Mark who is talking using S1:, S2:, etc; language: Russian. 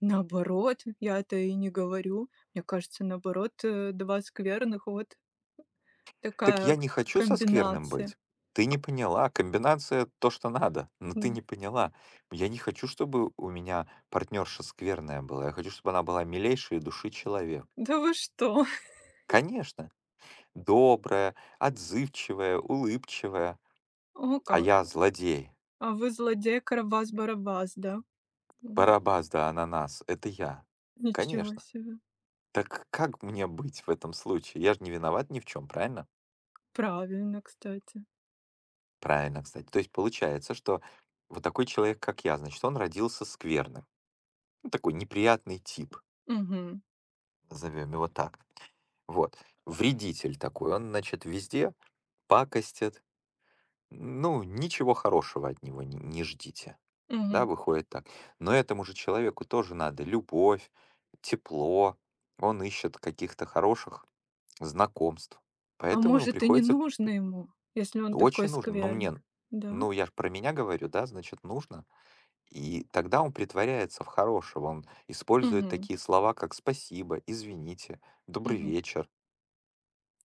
S1: Наоборот, я это и не говорю. Мне кажется, наоборот, э, 2 скверных вот
S2: Так
S1: такая
S2: я не хочу со скверным
S1: комбинация.
S2: быть. Ты не поняла. Комбинация то, что надо. Но ты
S1: М.
S2: не поняла. Я не хочу, чтобы у меня партнёрша скверная была. Я хочу, чтобы она была милейшей души человек.
S1: Да вы что!
S2: Конечно! Добрая, отзывчивая, улыбчивая.
S1: О
S2: А
S1: как.
S2: я злодей.
S1: А вы злодей Карабас-Барабас, да? М
S2: Барабас да ананас это я.
S1: Ничего
S2: Конечно.
S1: себе.
S2: Так как мне быть в этом случае? Я ж не виноват ни в чём, правильно?
S1: Правильно, кстати.
S2: Правильно, кстати. То есть получается, что вот такой человек, как я, значит, он родился скверным, ну такой неприятный тип.
S1: Мгм.
S2: Назовём его так. Вот вредитель такой, он, значит, везде пакостит. Ну, ничего хорошего от него н не ждите. Да,
S1: Мгм.
S2: выходит так. Но этому же человеку тоже надо любовь, тепло. Он ищет каких-то хороших знакомств,
S1: А
S2: поэтому ему
S1: может, и не
S2: приходится пр
S1: нужно ему, если он такой
S2: Очень нужно. Ну
S1: скверный,
S2: мне
S1: да?
S2: Ну я ж про меня говорю, да? Значит, нужно. И тогда он притворяется в хорошего. Он использует
S1: Мгм.
S2: такие слова, как спасибо, извините, добрый
S1: Мгм.
S2: вечер.